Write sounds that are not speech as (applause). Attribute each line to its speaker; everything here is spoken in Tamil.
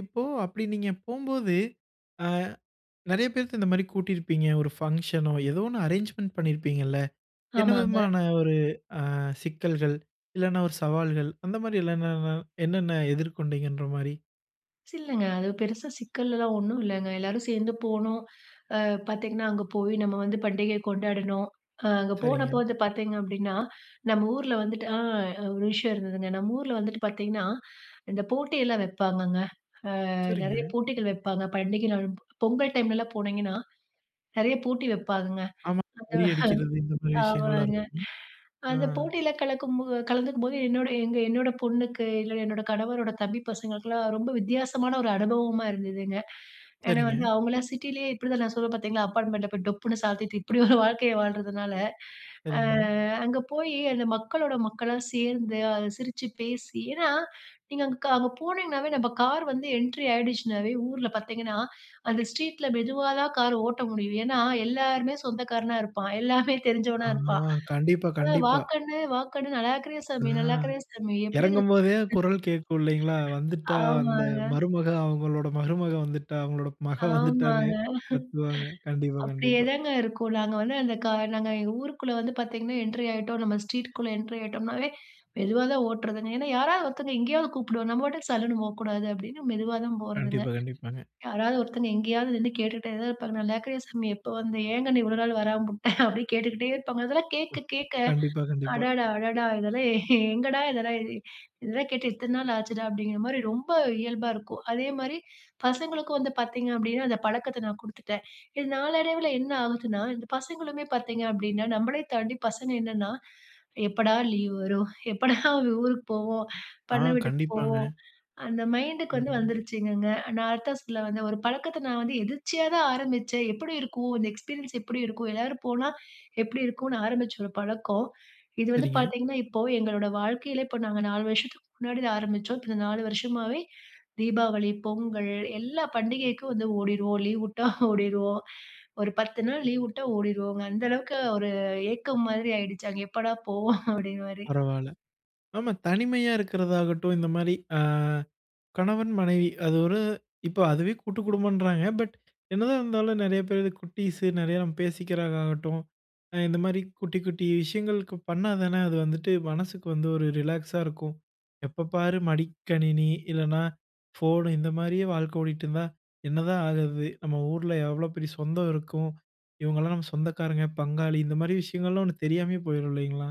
Speaker 1: இப்போ அப்டி நீங்க போம்போது, ஆ நெறைய பேருக்கு இந்த மாரி கூட்டியிருப்பீங்க. ஒரு பங்ஷனோ, ஏதோ ஒண்ணு அரேஞ்ச்மென்ட் பண்ணியிருப்பீங்கள்ல. என்ன
Speaker 2: ஆமாங்க.
Speaker 1: விதமான ஒரு அ சிக்கல்கள், இல்லன்னா ஒரு சவால்கள் அந்த மாரி இல்லல்ன என்னென்ன எதிர்கொண்டீங்கன்ற மாரி.
Speaker 2: சில்லைங்க. அது பெருசா சிக்கல்லலாம் ஒண்ணும் இல்லங்க. எல்லாரும் சேர்ந்து போனோம், அ பார்த்தீங்கன்னா அங்கே போய் நம்ம வந்து பண்டிகையை கொண்டாடணும். அ அங்க போன
Speaker 1: சரிங்க.
Speaker 2: போது பார்த்தீங்க அப்டின்னா, நம்ம ஊருல வந்துட்டு அ ஒரு விஷயம் இருந்ததுங்க. நம்ம ஊருல வந்துட்டு பார்த்தீங்கன்னா, இந்த போட்டியெல்லாம் வைப்பாங்கங்க. அ நிறைய
Speaker 1: சரிங்க.
Speaker 2: போட்டிகள் வைப்பாங்க. பண்டிகை நாள், பொங்கல் டைம்லலாம் போனிங்கன்னா, நிறைய போட்டி வைப்பாங்கங்க.
Speaker 1: ஆமா.
Speaker 2: அந்த
Speaker 1: பொறி அடிக்கிறது இந்த
Speaker 2: (chuckles)
Speaker 1: மாரி விஷயங்கள்லாம்
Speaker 2: ஆமாங்க,
Speaker 1: இருக்கும். அ.
Speaker 2: அந்த போட்டியில கலக்கும் போ கலந்துக்கும் போது, என்னோட எங்க என்னோட பொண்ணுக்கு இல்ல, என்னோட கணவரோட தம்பி பசங்களுக்கெல்லாம் ரொம்ப வித்தியாசமான ஒரு அனுபவமா இருந்ததுங்க. ஏன்னா
Speaker 1: சரிங்க.
Speaker 2: வந்து அவங்களாம் சிட்டிலேயே இப்டி தான் நான் சொல்லுவேன் பார்த்தீங்களா, அப்பார்ட்மெண்ட்ட போய் டொப்புன்னு சாத்திட்டு இப்டி ஒரு வாழ்க்கையை வாழறதுனால, அ
Speaker 1: சரிங்க.
Speaker 2: அங்க போய் அந்த மக்களோட மக்களா சேர்ந்து, அ சிரிச்சு பேசி ஏன்னா, நீங்க அங்க க அங்க போனிங்கனாவே, நம்ம கார் வந்து என்ட்ரி ஆயிடுச்சுனாவே, ஊருல பார்த்தீங்கன்னா அந்த ஸ்ட்ரீட்ல மெதுவா தான் கார் ஓட்ட முடியும். ஏன்னா எல்லாருமே சொந்தக்காரனா இருப்பான், எல்லாமே தெரிஞ்சவனா
Speaker 1: ஆஹா,
Speaker 2: இருப்பான்.
Speaker 1: கண்டிப்பா,
Speaker 2: அ
Speaker 1: கண்டிப்பா.
Speaker 2: "வாக்கண்ணு, வாக்கண்ணு. நல்லா இருக்கிறியா
Speaker 1: அ
Speaker 2: சாமி, நல்லா இருக்கிறியா சாமி, எப்படி
Speaker 1: எறங்கும்
Speaker 2: இருக்க
Speaker 1: போதே குரல் கேட்கும் இல்லிங்களா,
Speaker 2: கண்ணு"
Speaker 1: வந்துட்டா அந்த
Speaker 2: ஆமாங்க.
Speaker 1: மருமக அவங்களோட மருமக வந்துட்டா, அவங்களோட மக வந்துட்டான்னு
Speaker 2: ஆமாங்க.
Speaker 1: கத்துவாங்க. கண்டிப்பா, கண்டிப்பா.
Speaker 2: அப்டியேதாங்க இருக்கும். நாங்க வந்து அந்த கா நாங்க ஊருக்குள்ள வந்து பார்த்தீங்கன்னா என்ட்ரி ஆயிட்டோம், நம்ம ஸ்ட்ரீட்குள்ள என்ட்ரி ஆயிட்டோம்னாவே மெதுவா தான் ஓட்டுறதுங்க. ஏன்னா யாராவது ஒருத்தவங்க எங்கேயாவது கூப்பிடுவா. நம்ம பாட்டுக்கு சல்லுனு போக்கூடாது அப்டினு மெதுவா தான் போறதுங்க.
Speaker 1: கண்டிப்பா, கண்டிப்பாங்க.
Speaker 2: யாராவது ஒருத்தங்க எங்கேயாவது நின்னு கேட்டுட்டே தான் இருப்பாங்க, "நல்லாருக்கிறியா சாமி, எப்ப வந்த? ஏங்கண்ணு இவ்வளவு நாள் வராம உட்ட" (laughs) அப்டி கேட்டுக்கிட்டே இருப்பாங்க. அதெல்லாம்
Speaker 1: அ
Speaker 2: கேட்க கேட்க,
Speaker 1: கண்டிப்பா, கண்டிப்பா.
Speaker 2: அடடா! அடடா! இதெல்லாம் (chuckles) எங்கடா இதெல்லா இதெல்லா கேட்டு எத்தனை நாள் ஆச்சுடா அப்படிங்கிற மாரி ரொம்ப இயல்பா இருக்கும். அதே மாரி பசங்களுக்கும் வந்து பார்த்தீங்க அப்டின்னா, அந்த பழக்கத்தை நான் குடுத்துட்டேன். இது நாளடைவுல என்ன ஆகுதுன்னா, இந்த பசங்களுமே பார்த்தீங்க அப்டின்னா, நம்மளே தாண்டி பசங்க என்னன்னா, "எப்படா லீவ் வரும், எப்படா ஊருக்கு போவோம்,
Speaker 1: ஆ
Speaker 2: பண்ணை வீட்டுக்கு போவோம்"
Speaker 1: கண்டிப்பாங்க.
Speaker 2: அந்த மைண்டுக்கு வந்து
Speaker 1: ம்.
Speaker 2: வந்துருச்சுங்கங்க. நான் அதத்தா சொல்ல வந்தேன் ஒரு பழக்கத்தை நான் வந்து எதிர்ச்சியா தான் ஆரம்பிச்சேன். எப்டி இருக்கும், இந்த எக்ஸ்பீரியன்ஸ் எப்டி இருக்கும், எல்லாரும் போனா எப்டி இருக்குனு ஆரம்பிச்ச ஒரு பழக்கம், இது வந்து
Speaker 1: சரிங்க.
Speaker 2: பார்த்தீங்கன்னா இப்போ எங்களோட வாழ்க்கையிலே, இப்போ நாங்க 4 வருஷத்துக்கு முன்னாடி ஆரம்பிச்சோம். இப்போ இந்த 4 வருஷமாவே, தீபாவளி, பொங்கல் எல்லா பண்டிகைக்கும் வந்து ஓடிருவோம். லீவ் உட்டா ஓடிருவோம், ஒரு 10 நாள் லீவ் உட்டா ஓடிருவோங்க. அந்த அளவுக்கு ஒரு ஏக்கம் மாதிரி ஆயிடுச்சு. அங்க எப்படா போவோம் அப்படிங்கற மாரி.
Speaker 1: பரவால்ல, ஆமா தனிமையா இருக்கிறதாகட்டும், இந்த மாரி அ கணவன் மனைவி அது ஒரு இப்போ அதுவே கூட்டுக்குடும்பன்றாங்க. பட் என்னதான் இருந்தாலும் நிறைய பேர் வந்து குட்டீஸு நிறைய நம்ம பேசிக்கிறாங்க ஆகட்டும், இந்த மாரி குட்டி குட்டி விஷயங்களுக்கு பண்ணா தான, அது வந்துட்டு மனசுக்கு வந்து ஒரு ரிலாக்ஸா இருக்கும். எப்போ பாரு மடிக்கணினி, இல்லனா ஃபோன் இந்த மாரியே வாழ்க்கை ஓடிட்டுருந்தா, என்னதான் ஆகுறது. நம்ம ஊர்ல எவ்வளோ பெரிய சொந்தம் இருக்கும். இவங்கலாம் நம்ம சொந்தக்காரங்க, பங்காளி இந்த மாரி விஷயங்கள்லாம் ஒண்ணு தெரியாமயே போயிரும் இல்லைங்களா?